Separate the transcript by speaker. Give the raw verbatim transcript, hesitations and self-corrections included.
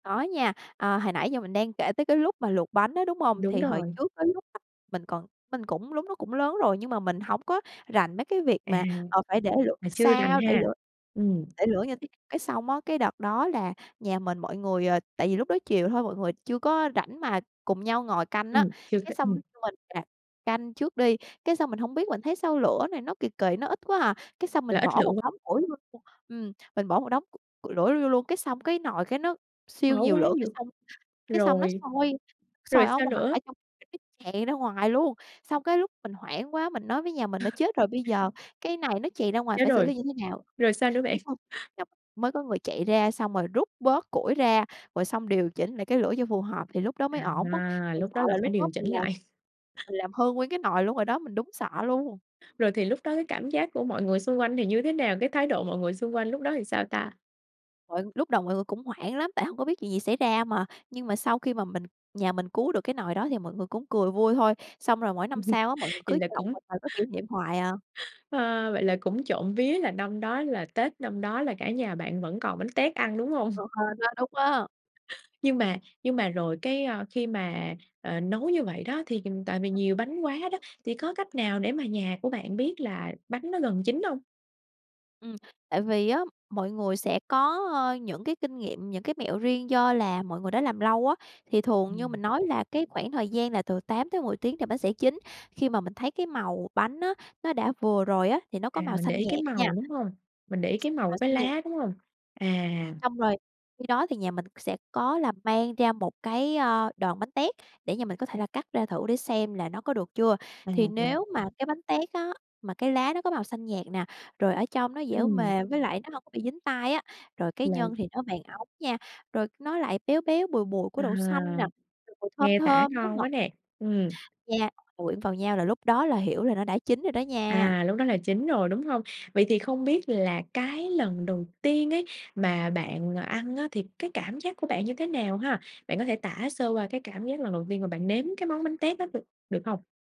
Speaker 1: Có nha, ờ, hồi nãy giờ mình đang kể tới cái lúc mà luộc bánh á, đúng hông?
Speaker 2: Đúng
Speaker 1: Thì hồi
Speaker 2: rồi.
Speaker 1: trước, cái lúc mình còn mình cũng lúc nó cũng lớn rồi, nhưng mà mình hổng có rành mấy cái việc
Speaker 2: À,
Speaker 1: mà, ờ, phải để lửa
Speaker 2: mà chưa rành
Speaker 1: sao, để
Speaker 2: ha.
Speaker 1: lửa
Speaker 2: Ừm.
Speaker 1: để lửa như thế Cái xong á, cái đợt đó là nhà mình mọi người, ờ, tại vì lúc đó chiều thôi mọi người chưa có rảnh mà cùng nhau ngồi canh á,
Speaker 2: Ừm, chưa
Speaker 1: cái
Speaker 2: có
Speaker 1: xong
Speaker 2: ừm.
Speaker 1: mình nè canh trước đi. Cái xong mình hông biết mình thấy sao lửa này nó kì kì, nó ít quá hà, cái xong
Speaker 2: Là
Speaker 1: mình
Speaker 2: ít
Speaker 1: bỏ
Speaker 2: lửa
Speaker 1: một
Speaker 2: q
Speaker 1: đống củi vô luôn ừm, mình bỏ một đống c củi đổ nó vô luôn, cái xong cái nồi cái nó siêu
Speaker 2: Bỏ
Speaker 1: nhiều
Speaker 2: quá
Speaker 1: lửa, cái
Speaker 2: nhiều.
Speaker 1: xong cái xong nó
Speaker 2: Rồi,
Speaker 1: sôi
Speaker 2: rồi
Speaker 1: sôi ở
Speaker 2: sao
Speaker 1: ngoài,
Speaker 2: nữa?
Speaker 1: ở trong cái tràn ra ngoài luôn. Xong cái lúc mình hoảng quá, mình nói với nhà mình á: "Chết rồi, bây giờ, cái này nó chày ra ngoài
Speaker 2: Chết
Speaker 1: phải xử
Speaker 2: rồi,
Speaker 1: lý như thế nào?"
Speaker 2: rồi sao nữa bạn?
Speaker 1: Cái xong dóc mới có người chạy ra, xong rồi rút bớt củi ra, rồi xong điều chỉnh lại cái lửa cho phù hợp thì lúc đó mới ổn á.
Speaker 2: À,
Speaker 1: Mình
Speaker 2: lúc
Speaker 1: sợ
Speaker 2: đó là
Speaker 1: là
Speaker 2: phải
Speaker 1: lúc đó
Speaker 2: điều chỉnh
Speaker 1: mình làm
Speaker 2: lại?
Speaker 1: mình làm hư nguyên cái nồi luôn rồi đó. Mình đúng sợ luôn!
Speaker 2: Rồi thì, lúc đó cái cảm giác của mọi người xung quanh thì như thế nào, cái thái độ của mọi người xung quanh lúc đó thì sao ta?
Speaker 1: Trời ơi, lúc đầu mọi người cũng hoảng lắm, tại hông có biết chuyện gì xảy ra mà. Nhưng mà sau khi mà mình nhà mình cứu được cái nồi đó thì mọi người cũng cười vui thôi, xong rồi mỗi năm sau á, mọi người
Speaker 2: Thì
Speaker 1: cứ
Speaker 2: là
Speaker 1: chọc
Speaker 2: cũng
Speaker 1: một thời có kỷ niệm hoài à.
Speaker 2: Ha, vậy là cũng trộm vía là, năm đó là Tết năm đó là cả nhà bạn vẫn còn bánh tét ăn, đúng hông?
Speaker 1: Ờ, hên á, đúng á.
Speaker 2: Nhưng mà nhưng mà rồi cái, ơ, khi mà, ờ, nấu như vậy đó thì tại vì nhiều bánh quá đó, thì có cách nào để mà nhà của bạn biết là bánh nó gần chín hông?
Speaker 1: Ừm, tại vì á, mọi người sẽ có, ơ, những cái kinh nghiệm, những cái mẹo riêng, do là mọi người đó làm lâu á, thì thường như
Speaker 2: Ừm.
Speaker 1: mình nói là cái khoảng thời gian là từ tám tới mười tiếng thì bánh sẽ chín. Khi mà mình thấy cái màu bánh á, nó đã vừa rồi á, thì nó
Speaker 2: À,
Speaker 1: có màu
Speaker 2: mình
Speaker 1: xanh
Speaker 2: để ý cái
Speaker 1: nhạt nha.
Speaker 2: màu, đúng hông? Mình để ý cái màu
Speaker 1: Màu
Speaker 2: cái
Speaker 1: xanh nhạt.
Speaker 2: lá, đúng hông? À.
Speaker 1: Xong rồi, khi đó thì nhà mình sẽ có là mang ra một cái, ơ, đòn bánh tét để nhà mình có thể là cắt ra thử để xem là nó có được chưa.
Speaker 2: À,
Speaker 1: Thì
Speaker 2: rồi.
Speaker 1: nếu mà cái bánh tét á, mà cái lá nó có màu xanh nhạt nè, rồi ở trong nó dẻo
Speaker 2: Ừm.
Speaker 1: mềm với lại nó hông có bị dính tay á, rồi cái
Speaker 2: Là
Speaker 1: nhân thì nó vàng óng nha, rồi nó lại béo béo, bùi bùi của
Speaker 2: À,
Speaker 1: đậu xanh nè, rồi mùi thơm
Speaker 2: nghe tả
Speaker 1: thơm, nó
Speaker 2: ngon quá
Speaker 1: ngọt
Speaker 2: nè, ừm.
Speaker 1: nha, quyện vào nhau, là lúc đó là hiểu là nó đã chín rồi đó nha.
Speaker 2: À, lúc đó là chín rồi, đúng hông? Vậy thì không biết là cái lần đầu tiên ấy, mà bạn, ờ, ăn á, thì cái cảm giác của bạn như thế nào ha? Bạn có thể tả sơ qua cái cảm giác lần đầu tiên mà bạn nếm cái món bánh tét đó được được hông?